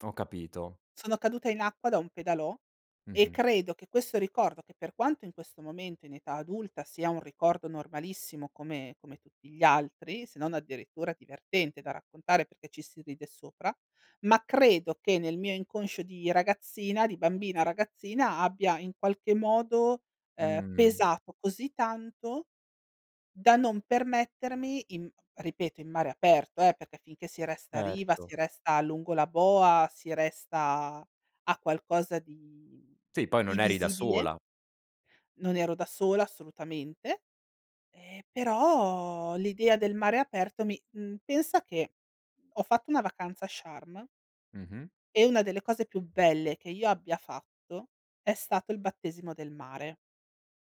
Ho capito. Sono caduta in acqua da un pedalò, e Mh-mh. credo che questo ricordo- che per quanto in questo momento in età adulta sia un ricordo normalissimo come come tutti gli altri, se non addirittura divertente da raccontare perché ci si ride sopra- ma credo che nel mio inconscio di ragazzina di bambina, ragazzina abbia in qualche modo, ehm, Mh. pesato così tanto da non permettermi in ripeto in mare aperto, eh, perché finché si resta a riva, Certo. si resta lungo la boa, si resta a a qualcosa di Sì, poi di non eri da visibile sola. Non ero da sola assolutamente; ehm, però l'idea del mare aperto mi mhmm, pensa che ho fatto una vacanza a Sharm Mh-mh. e una delle cose più belle che io abbia fatto è stato il battesimo del mare.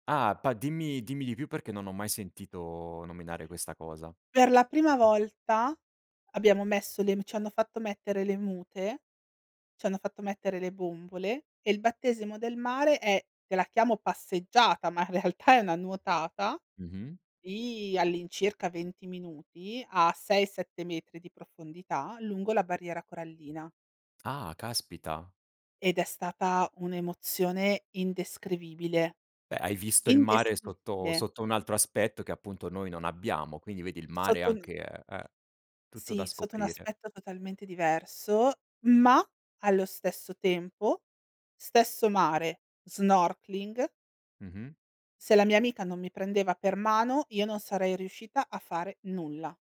Ah! Pa dimmi dimmi di più, perché non ho mai sentito nominare questa cosa. Per la prima volta abbiamo messo le v c'hanno fatto mettere le mute, c'hanno fatto mettere le bombole, e il battesimo del mare è- te la chiamo passeggiata, ma in realtà è una nuotata- Mh-mh. di all'incirca 20 minuti a 6, 7 metri di profondità, lungo la barriera corallina. Ah! Caspita. Ed è stata un'emozione indescrivibile. Eh. Hai visto il mare sotto Indescrivibile. sotto un altro aspetto, che appunto noi non abbiamo, quindi vedi il mare Sotto n anche eh, eh, tutto da Sì, sotto un scoprire. aspetto totalmente diverso, ma allo stesso tempo, stesso mare, snorkeling Mh-mh. se la mia amica non mi prendeva per mano, io non sarei riuscita a fare nulla.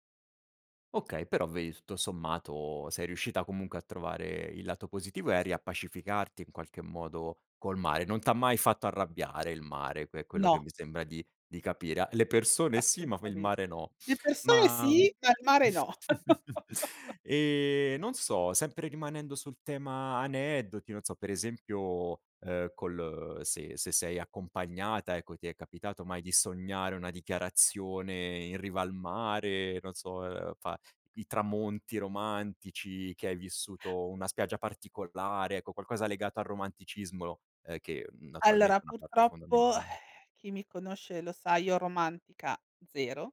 Okay, però vedi tutto sommato sei riuscita comunque a trovare il lato positivo e a riappacificarti in qualche modo col mare. Non t'ha mai fatto arrabbiare il mare, è que quello che No. mi sembra di di capire. A le persone sì, ma il Assolutame mare no. le persone Ma mhmm, sì, ma il mare no. ehm, non so, sempre rimanendo sul tema aneddoti, non so, per esempio, ehm, col se se sei accompagnata ecco, ti è capitato mai di sognare una dichiarazione in riva al mare? Non so, ehm, fa i tramonti romantici che hai vissuto, una spiaggia particolare, ecco qualcosa legato al romanticismo, ehm, che, mhmm, Allora, naturalmente è una parte purtroppo fondamentale. chi mi conosce lo sa io romantica 0.